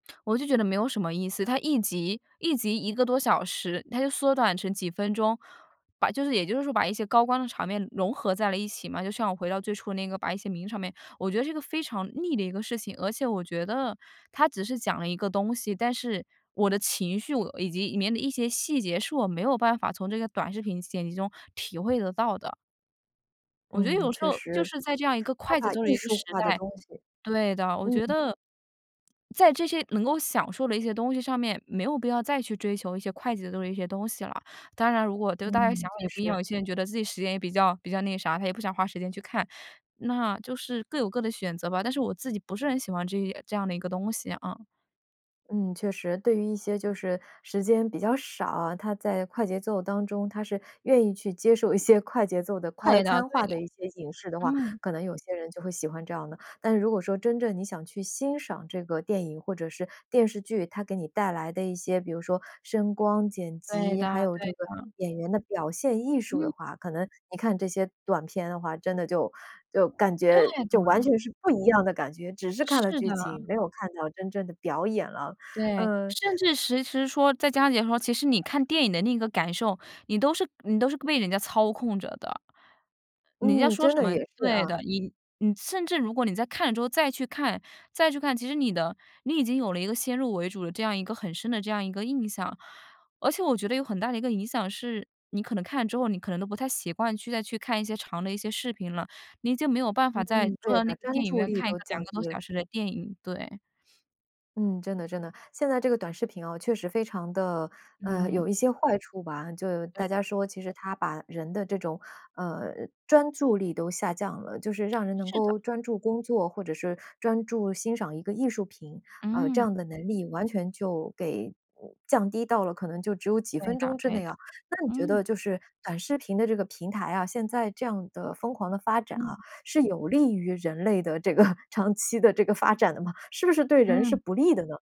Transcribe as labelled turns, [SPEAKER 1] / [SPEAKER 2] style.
[SPEAKER 1] 我就觉得没有什么意思，它1集1集1个多小时，它就缩短成几分钟。把就是也就是说把一些高光的场面融合在了一起嘛，就像我回到最初那个把一些名场面我觉得这个非常腻的一个事情。而且我觉得，它只是讲了一个东西，但是我的情绪，我呃，以及里面的一些细节，是我没有办法从这个短视频剪辑中体会得到的。我觉得
[SPEAKER 2] 嗯，
[SPEAKER 1] 有时
[SPEAKER 2] 确
[SPEAKER 1] 候就
[SPEAKER 2] 实。
[SPEAKER 1] 是在这样一个
[SPEAKER 2] 它
[SPEAKER 1] 快节
[SPEAKER 2] 把
[SPEAKER 1] 奏的
[SPEAKER 2] 艺
[SPEAKER 1] 一个
[SPEAKER 2] 术
[SPEAKER 1] 时
[SPEAKER 2] 化的
[SPEAKER 1] 代
[SPEAKER 2] 东西
[SPEAKER 1] 对的。我觉
[SPEAKER 2] 嗯。
[SPEAKER 1] 得，在这些能够享受的一些东西上面，没有必要再去追求一些快节奏的一些东西了。当然如果，对，大家想
[SPEAKER 2] 嗯，
[SPEAKER 1] 法
[SPEAKER 2] 确
[SPEAKER 1] 也不一样，
[SPEAKER 2] 实。
[SPEAKER 1] 有些人觉得自己时间也比较比较那个啥，他也不想花时间去看，那就是各有各的选择吧。但是我自己不是很喜欢这这样的一个东西。嗯。
[SPEAKER 2] 嗯，确实。对于一些就是时间比较少啊，他在快节奏当中他是愿意去接受一些快节奏的快
[SPEAKER 1] 对的
[SPEAKER 2] 餐
[SPEAKER 1] 对
[SPEAKER 2] 化
[SPEAKER 1] 的。
[SPEAKER 2] 的一些影视的话，
[SPEAKER 1] 嗯。
[SPEAKER 2] 可能有些人就会喜欢这样的。但是如果说真正你想去欣赏这个电影或者是电视剧，它给你带来的一些比如说声光、剪
[SPEAKER 1] 对
[SPEAKER 2] 辑，还
[SPEAKER 1] 的
[SPEAKER 2] 有
[SPEAKER 1] 对
[SPEAKER 2] 这个
[SPEAKER 1] 的。
[SPEAKER 2] 演员的表现艺术
[SPEAKER 1] 嗯。
[SPEAKER 2] 的话，可能你看这些短片的话，真的就就感
[SPEAKER 1] 对
[SPEAKER 2] 觉
[SPEAKER 1] 的。
[SPEAKER 2] 就完全是不一样的感觉。只是看了
[SPEAKER 1] 是
[SPEAKER 2] 剧
[SPEAKER 1] 的。
[SPEAKER 2] 情，没有看到真正的表演了。
[SPEAKER 1] 对，
[SPEAKER 2] 嗯。
[SPEAKER 1] 甚至其实说，在家里的时候，其实你看电影的那个感受，你都是你都是被人家操控着的。人家
[SPEAKER 2] 嗯，
[SPEAKER 1] 说
[SPEAKER 2] 真
[SPEAKER 1] 什
[SPEAKER 2] 的
[SPEAKER 1] 么
[SPEAKER 2] 也是
[SPEAKER 1] 对
[SPEAKER 2] 啊。
[SPEAKER 1] 的，你你甚至如果你在看了之后，再去看，再去看，其实你的你已经有了一个先入为主的这样一个很深的这样一个印象。而且我觉得有很大的一个影响是，你可能看了之后，你可能都不太习惯去再去看一些长的一些视频了，你已经没有办
[SPEAKER 2] 嗯，
[SPEAKER 1] 法再坐
[SPEAKER 2] 对，
[SPEAKER 1] 到
[SPEAKER 2] 把
[SPEAKER 1] 那个
[SPEAKER 2] 专
[SPEAKER 1] 电影
[SPEAKER 2] 注
[SPEAKER 1] 院
[SPEAKER 2] 力
[SPEAKER 1] 看一
[SPEAKER 2] 都
[SPEAKER 1] 个2
[SPEAKER 2] 降
[SPEAKER 1] 个多
[SPEAKER 2] 低了。
[SPEAKER 1] 小时的电影，对。
[SPEAKER 2] 嗯，真的真的。现在这个短视频啊，确实非常的，嗯，
[SPEAKER 1] 嗯。
[SPEAKER 2] 有一些坏处吧。就
[SPEAKER 1] 对。
[SPEAKER 2] 大家说其实它把人的这种，嗯，专注力都下降了。就是让 人能
[SPEAKER 1] 是的。
[SPEAKER 2] 够专注工作，或者是专注欣赏一个艺术品，呃，这
[SPEAKER 1] 嗯。
[SPEAKER 2] 样的能力，完全就给，降低到了可能就只有几
[SPEAKER 1] 对
[SPEAKER 2] 分
[SPEAKER 1] 的
[SPEAKER 2] 钟之
[SPEAKER 1] 对
[SPEAKER 2] 内
[SPEAKER 1] 的，
[SPEAKER 2] 啊。那你觉
[SPEAKER 1] 嗯。
[SPEAKER 2] 得就是短视频的这个平台啊，现在这样的疯狂的发展啊，
[SPEAKER 1] 嗯。
[SPEAKER 2] 是有利于人类的这个长期的这个发展的吗？是不是对人是
[SPEAKER 1] 嗯。
[SPEAKER 2] 不利的呢？